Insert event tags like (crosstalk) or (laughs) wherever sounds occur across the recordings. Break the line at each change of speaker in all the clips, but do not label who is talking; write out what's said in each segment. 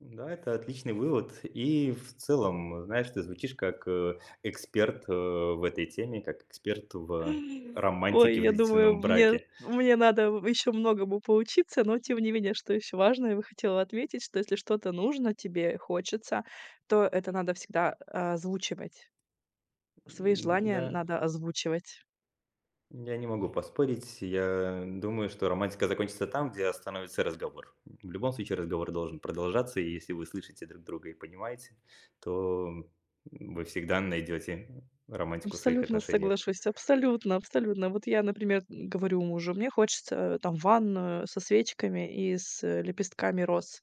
Да, это отличный вывод. И, в целом, знаешь, ты звучишь как, э, эксперт, э, в этой теме, как эксперт в, э,
Ой,
романтике в
я думаю,
длительном
мне
браке.
мне надо, в еще многому поучиться. Но, тем не менее, что еще важное, я бы хотела отметить, что если что-то нужно тебе, хочется, то это надо всегда озвучивать. Свои
М,
желания
я
надо озвучивать.
я не могу поспорить. Я думаю, что романтика закончится там, где остановится разговор. В любом случае разговор должен продолжаться. И если вы слышите друг друга и понимаете, то вы всегда найдете романтику в своих
Абсолютно
отношениях.
соглашусь. Абсолютно абсолютно. Вот я, например, м, говорю мужу: "Мне хочется, там, ванную со свечками и с, э, лепестками роз".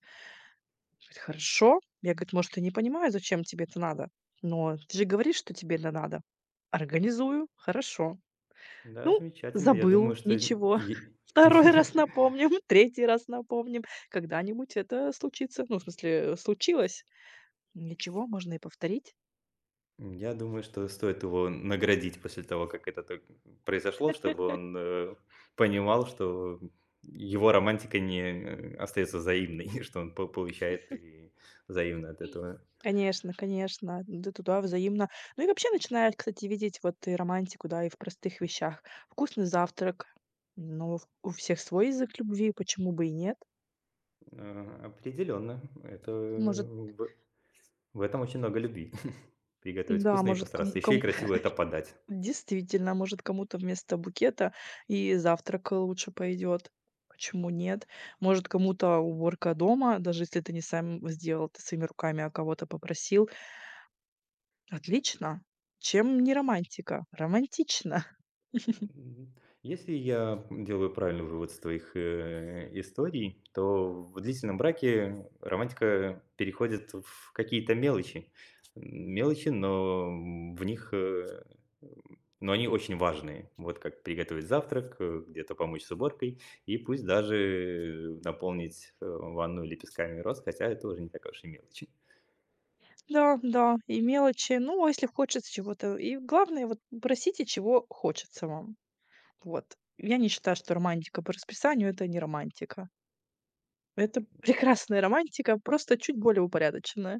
Говорит: "Хорошо". Я, говорит: "Может, и не понимаю, зачем тебе это надо, но ты же говоришь, что тебе это надо. Организую. Хорошо".
Да,
Ну,
замечательно. Я думаю,
забыл.
что й
Ничего.
е
2
(laughs)
раз напомним, 3 раз напомним. Когда-нибудь это случится. Ну, в смысле, случилось. Ничего, можно и повторить.
М, я думаю, что стоит его наградить после того, как это так произошло, чтобы
(laughs)
он, э, понимал, что его романтика не остается взаимной, и что он п получает
(chuckles)
и взаимно от этого.
Конечно конечно. Да, туда взаимно. Ну, и вообще начинаешь, кстати, видеть вот и романтику, да, и в простых вещах. Вкусный завтрак. Ну, у всех свой язык любви. Почему бы и нет?
А, определенно, это
Может
б В этом очень много любви. (chuckles) Приготовить
Н-да,
вкусно и
может,
постараться,
кому
еще и
ком
красиво это подать.
(laughs) Действительно, может, кому-то вместо букета и завтрак, э, лучше пойдет. Почему нет? Может, кому-то уборка дома, даже если ты не сам сделал это своими руками, а кого-то попросил. Отлично. Чем не романтика? Романтично. (chuckles)
М, если я, м, делаю правильный вывод с твоих, э, историй, то в длительном браке романтика переходит в какие-то мелочи. Мелочи, но, м, в них, э, эм, но они очень важные. Вот как приготовить завтрак, э, где-то помочь с уборкой и пусть даже наполнить, э, ванну лепестками роз. Хотя это уже не такая уж и мелочь, и
Да да. И мелочи. Ну, а если хочется чего-то. И главное, вот просите, чего хочется вам. Вот, я не считаю, что романтика по расписанию- это не романтика. Это прекрасная романтика, просто чуть более упорядоченная.